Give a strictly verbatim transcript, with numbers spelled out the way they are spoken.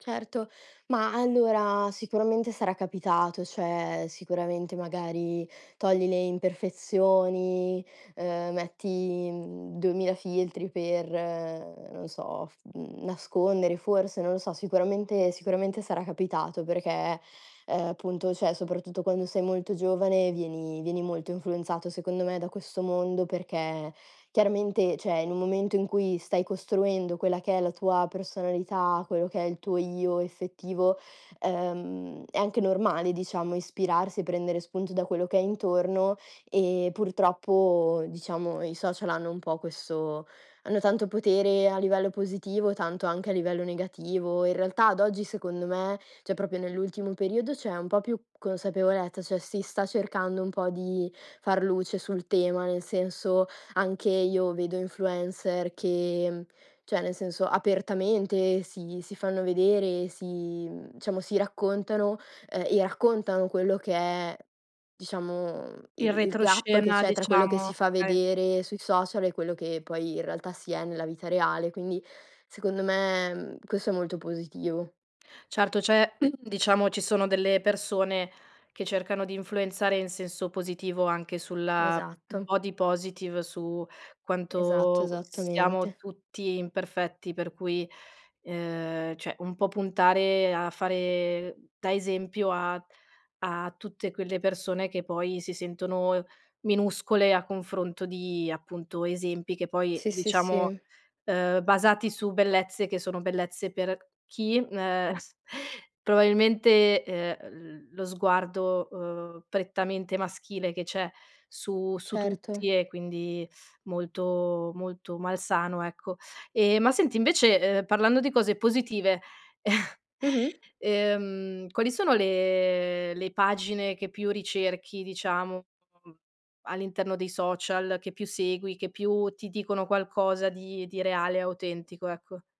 Certo, ma, allora, sicuramente sarà capitato. Cioè, sicuramente, magari, togli le imperfezioni, uhm, metti, mhmm, duemila filtri per non so, f mhmm, nascondere forse, non lo so. Sicuramente sicuramente sarà capitato perché, uhm, punto, cioè soprattutto quando sei molto giovane, vieni vieni molto influenzato, secondo me, da questo mondo, perché chiaramente ceh, in un momento in cui stai costruendo quella che è la tua personalità, quello che è il tuo io effettivo, uhm, è anche normale diciamo, ispirarsi e prendere spunto da quello che hai intorno e purtroppo, diciamo, i social hanno un po' questo hanno tanto potere a livello positivo, tanto anche a livello negativo. In realtà ad oggi, secondo me, ceh, proprio nell'ultimo periodo, c'è un po' più consapevolezza, cioè, si sta cercando un po' di far luce sul tema, nel senso, anche io vedo influencer che, mhmm, cioè nel senso, apertamente si si fanno vedere, si mhmm, ciamo si raccontano, uhm, e raccontano quello che è, diciamo, Il il il gap che retroscena, c'è tra quello che si diciamo fa okay. vedere sui social e quello che poi in realtà si è nella vita reale. Quindi, secondo me, mhmm, questo è molto positivo. Certo, c'è diciamo, ci sono delle persone che cercano di influenzare in senso positivo, anche sulla Esatto. body positive, su Esatto, quanto, s siamo esattamente. tutti imperfetti, per cui, uhm, ceh, un po' puntare a fare da esempio a a tutte quelle persone che poi si sentono, ehm, minuscole a confronto di, appunto, esempi che poi Sì, sì, diciamo, sì. uhm, basati su bellezze che sono bellezze per chi, m ehm, probabilmente, uhm, l lo sguardo, uhm, prettamente maschile che c'è su su Certo. tutti, e quindi molto molto malsano, ecco. Ehm, ma senti invece, uhm, parlando di cose positive, Mh-mh. uhm, quali sono le le pagine che più ricerchi, diciamo [unintelligible] all'interno dei social, che più segui, che più ti dicono qualcosa di di reale e autentico, ecco.